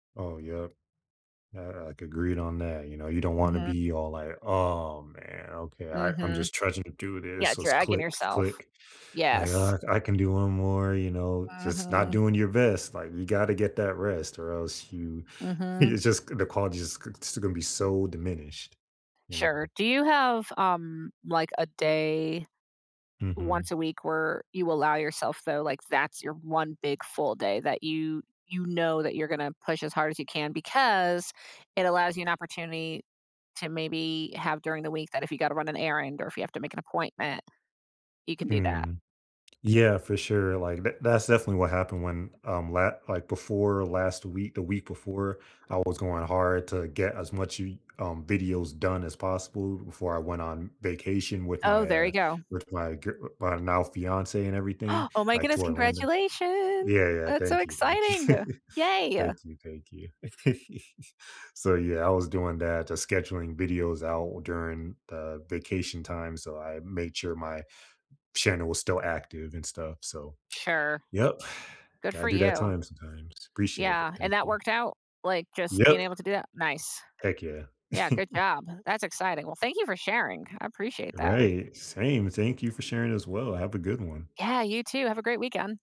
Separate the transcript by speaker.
Speaker 1: Oh, yep. I I agreed on that, you know? You don't wanna
Speaker 2: Mhm.
Speaker 1: be all like, "Oh, man, okay, I I'm
Speaker 2: Mhm.
Speaker 1: just trying to do this."
Speaker 2: Yeah,
Speaker 1: So it's
Speaker 2: dragging
Speaker 1: click,
Speaker 2: yourself.
Speaker 1: click. Like,
Speaker 2: Yes.
Speaker 1: uh, "I can do one more," you know? Just not
Speaker 2: Mhm.
Speaker 1: doing your best, like, you gotta get that rest or else you you
Speaker 2: Mhm.
Speaker 1: just the quality is g just gonna be so diminished, you
Speaker 2: Sure.
Speaker 1: know?
Speaker 2: Do you have, um, like a day once
Speaker 1: Mhm.
Speaker 2: a week where you allow yourself though, like that's your one big full day that you you know that you're gonna push as hard as you can because it allows you an opportunity to maybe have during the week that if you gotta run an errand or if you have to make an appointment, you can do that.
Speaker 1: Mm. Yeah, for sure. Like, th that's definitely what happened when, um, la like before last week, the week before I was going hard to get as much You um, videos done as possible before I went on vacation with
Speaker 2: Oh,
Speaker 1: my
Speaker 2: there
Speaker 1: uh,
Speaker 2: you go.
Speaker 1: with my gir my now fiance and everything,
Speaker 2: Oh my
Speaker 1: like to
Speaker 2: goodness.
Speaker 1: Orlando.
Speaker 2: Congratulation.
Speaker 1: Yeah. Yeah.
Speaker 2: That's so
Speaker 1: Thank you. Thank you.
Speaker 2: exciting. Yay.
Speaker 1: Thank you. Thank you. So, yeah, I was doing that, to scheduling videos out during the vacation time. So I made sure my channel was still active and stuff. So,
Speaker 2: Sure.
Speaker 1: yep,
Speaker 2: Good
Speaker 1: gotta
Speaker 2: for
Speaker 1: do that
Speaker 2: you.
Speaker 1: time sometimes. Appreciate it.
Speaker 2: Yeah, and
Speaker 1: Thank
Speaker 2: that
Speaker 1: you.
Speaker 2: worked out, like, just being
Speaker 1: Yep.
Speaker 2: able to do that. Nice.
Speaker 1: Heck yeah.
Speaker 2: Yeah, good job. That's exciting. Well, thank you for sharing. I appreciate that.
Speaker 1: Right. Same. Thank you for sharing as well. Have a good one.
Speaker 2: Yeah, you too. Have a great weekend.